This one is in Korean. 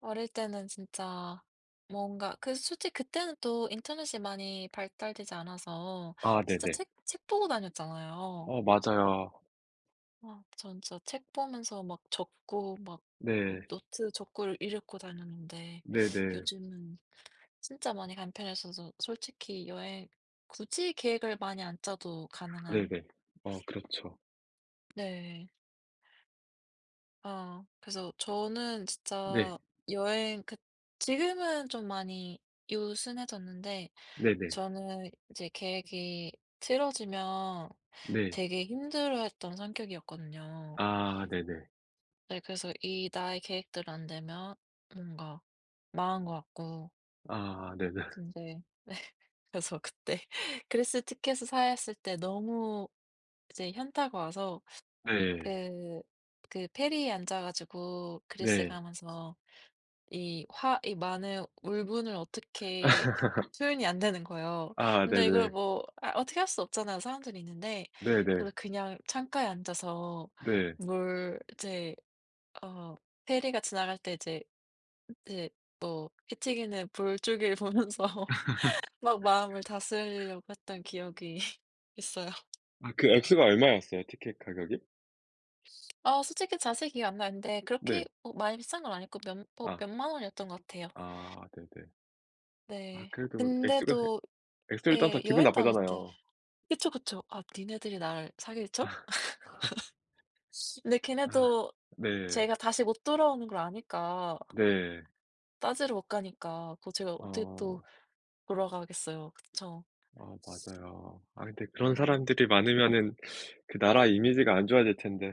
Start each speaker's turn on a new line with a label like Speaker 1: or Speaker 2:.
Speaker 1: 어릴 때는 진짜 뭔가 그 솔직히 그때는 또 인터넷이 많이 발달되지 않아서
Speaker 2: 아
Speaker 1: 진짜
Speaker 2: 네네.
Speaker 1: 책 책 보고 다녔잖아요.
Speaker 2: 어 맞아요.
Speaker 1: 아 전 진짜 책 보면서 막 적고 막 그
Speaker 2: 네.
Speaker 1: 노트 적고를 읽고 다녔는데
Speaker 2: 네네.
Speaker 1: 요즘은 진짜 많이 간편해져서 솔직히 여행 굳이 계획을 많이 안 짜도 가능한
Speaker 2: 네네. 어 그렇죠.
Speaker 1: 네. 아. 그래서 저는
Speaker 2: 네.
Speaker 1: 진짜 여행 그 지금은 좀 많이 요 순해졌는데
Speaker 2: 네네.
Speaker 1: 저는 이제 계획이 틀어지면
Speaker 2: 네.
Speaker 1: 되게 힘들어했던 성격이었거든요.
Speaker 2: 아 네네.
Speaker 1: 네 그래서 이 나의 계획대로 안 되면 뭔가 망한 것 같고
Speaker 2: 아. 네네
Speaker 1: 근데 네. 그래서 그때 그리스 티켓을 샀을 때 너무 이제 현타가 와서
Speaker 2: 네.
Speaker 1: 그 그 페리에 앉아 가지고 그리스에
Speaker 2: 네.
Speaker 1: 가면서 이 화 이 많은 울분을 어떻게 표현이 안 되는 거예요.
Speaker 2: 아
Speaker 1: 근데 이걸
Speaker 2: 네네네.
Speaker 1: 뭐 아 어떻게 할 수 없잖아요 사람들이 있는데.
Speaker 2: 네네.
Speaker 1: 그래서 그냥 창가에 앉아서
Speaker 2: 네.
Speaker 1: 뭘 이제 어 페리가 지나갈 때 이제 이제 뭐 흩튀기는 물줄기를 보면서 막 마음을 다스리려고 했던 기억이 있어요.
Speaker 2: 아 그 액수가 얼마였어요, 티켓 가격이?
Speaker 1: 아 솔직히 자세히 기억이 안 나는데 그렇게
Speaker 2: 네.
Speaker 1: 어 많이 비싼 건 아니고 몇 뭐 몇
Speaker 2: 아.
Speaker 1: 만 원이었던 것 같아요.
Speaker 2: 아 네네. 아
Speaker 1: 네.
Speaker 2: 그래도 액수가 예
Speaker 1: 근데도
Speaker 2: 액수를 떠나서
Speaker 1: 예.
Speaker 2: 기분
Speaker 1: 여행 다닐 때
Speaker 2: 나쁘잖아요.
Speaker 1: 그쵸, 그쵸. "아 니네들이 날 사기를 쳐?"
Speaker 2: 아.
Speaker 1: 근데
Speaker 2: 아.
Speaker 1: 걔네도
Speaker 2: 네.
Speaker 1: 제가 다시 못 돌아오는 걸 아니까,
Speaker 2: 네.
Speaker 1: 따지러 못 가니까 그 제가 어떻게 또
Speaker 2: 어.
Speaker 1: 돌아가겠어요. 그쵸.
Speaker 2: 아 맞아요. 아 근데 그런
Speaker 1: 네.
Speaker 2: 사람들이 많으면은 그 나라 이미지가 안 좋아질 텐데.